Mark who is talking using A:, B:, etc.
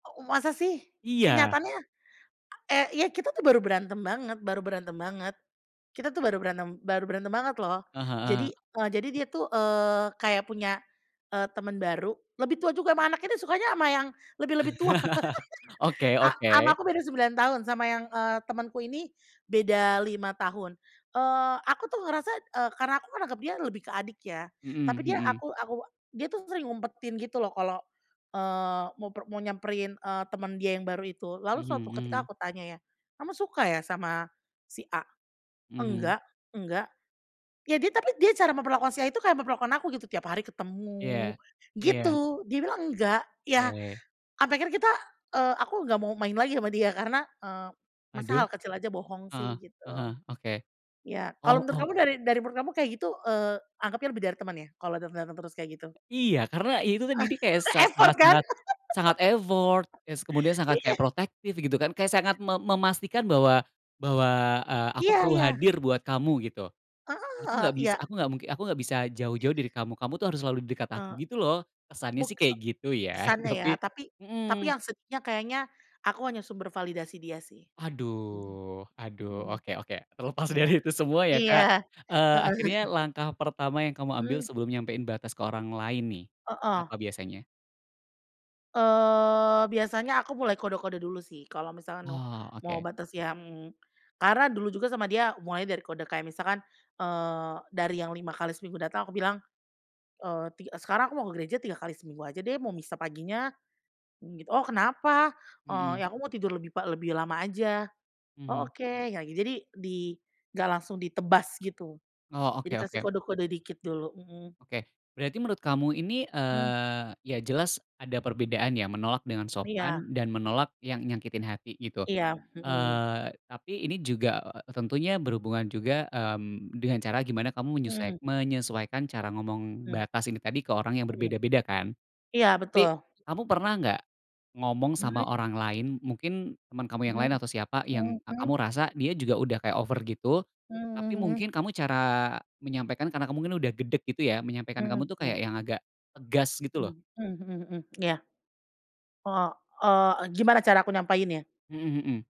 A: Ow masa sih,
B: Iya.
A: kenyataannya, e iya kita tuh baru berantem banget baru berantem banget. Kita tuh baru berantem baru berantem banget loh.
B: Eh, heeh.
A: Jadi, e jadi dia tuh, eee, kayak punya, e teman baru, lebih tua juga sama anaknya, dia sukanya sama yang lebih lebih tua
B: Oke
A: a sama
B: oke.
A: aku beda 9 tahun, sama yang, eee, temanku ini beda 5 tahun. Eee, aku tuh ngerasa ,e karena aku menganggap dia lebih ke adik ya. Tapi dia
B: Mhm.
A: aku aku dia tuh sering ngumpetin gitu loh kalau, eee, mau per mau nyamperin, eee, teman dia yang baru itu. Lalu suatu ketika
B: Mhm.
A: aku tanya ya, "kamu suka ya sama si A?"
B: Mhm.
A: "enggak enggak" ya dia tapi dia cara memperlakukan si A itu kayak memperlakukan aku gitu, tiap hari
B: Iya
A: ketemu,
B: iya.
A: gitu. Dia bilang nggak, ya,
B: Ke
A: sampe akhirnya kita, eee, aku nggak mau main lagi sama dia karena, eee, masa
B: Aduh,
A: hal kecil aja bohong
B: heeh
A: sih, gitu.
B: eh e oke,
A: Ya, kalau
B: oh
A: menurut
B: oh.
A: kamu dari dari menurut kamu kayak gitu, eee, anggapnya lebih dari teman ya, kalau dateng-dateng terus kayak gitu?
B: Iya, karena itu tadi, kayak sangat sangat
A: Effort kan?
B: sangat, sangat effort, kes kemudian sangat
A: Iya.
B: kayak protektif gitu kan, kayak sangat me memastikan bahwa bahwa, eee, "aku
A: Iya
B: perlu
A: iya.
B: hadir buat kamu" gitu.
A: Ah
B: "Aku nggak
A: hah,
B: bis
A: iya.
B: aku nggak mungki aku nggak bisa jauh-jauh dari kamu, kamu tuh harus selalu di dekat aku"
A: Eee
B: gitu loh. Kesannya sih kayak gitu ya,
A: Kesannya ya
B: tapi
A: tapi tapi
B: hmm.
A: yang sedihnya kayaknya, aku hanya sumber validasi dia sih. Mhm
B: Aduh, aduh,
A: Mhm.
B: oke oke, terlepas
A: Iya
B: dari itu semua ya
A: Iya,
B: Kak, eee, akhirnya
A: heeh.
B: langkah pertama yang kamu ambil,
A: Mmm.
B: sebelum nyampein batas ke orang lain nih,
A: Heeh.
B: apa biasanya?
A: Eee, biasanya aku mulai kode-kode dulu sih, kalau misalkan
B: Oh,
A: mau
B: oke.
A: batas yang karena dulu juga sama dia, hubungannya dari kode kayak misalkan, eee, dari yang 5x seminggu datang, aku bilang, "eee, ti sekarang aku mau gereja 3 kali seminggu aja deh, mau misa paginya." mmm, "Oh kenapa?"
B: Mhm.
A: "Ya aku mau tidur lebih pa lebih lama aja" "Oh
B: Mhm.
A: oke" ya gi jadi, di nggak langsung ditebas gitu.
B: Oh
A: Jadi
B: oke
A: kasih
B: oke.
A: kode-kode dikit dulu hmm.
B: Oke, berarti menurut kamu ini,
A: Hmm.
B: eee, ya jelas ada perbedaan ya, menolak dengan
A: Iya.
B: sopan dan menolak yang nyakitin hati, gitu.
A: Iya, mhm.
B: Eee, tapi ini juga tentunya berhubungan juga, mmm, dengan cara gimana kamu menyesuek
A: Mhm.
B: menyesuaikan cara ngomong
A: Mhm.
B: batas ini tadi, ke orang yang
A: Mhm.
B: berbeda-beda kan.
A: Iya betul.
B: Tapi, kamu pernah nggak ngomong sama
A: Mhm.
B: orang lain, mungkin teman kamu yang
A: Mhm.
B: lain atau siapa,
A: Mhm
B: yang
A: mhm.
B: kamu rasa dia juga udah kayak over gitu, tapi
A: Mhm mhm.
B: mungkin kamu cara, menyampaikan karena kamu mungkin udah gedek gitu ya, menyampaikan kamu
A: Mhm,
B: tuh kayak
A: mmm.
B: yang agak, tegas gitu loh.
A: Mhm hmm hmm, iya. O oh, e gimana cara aku nyampainnya?
B: Hmm hmm.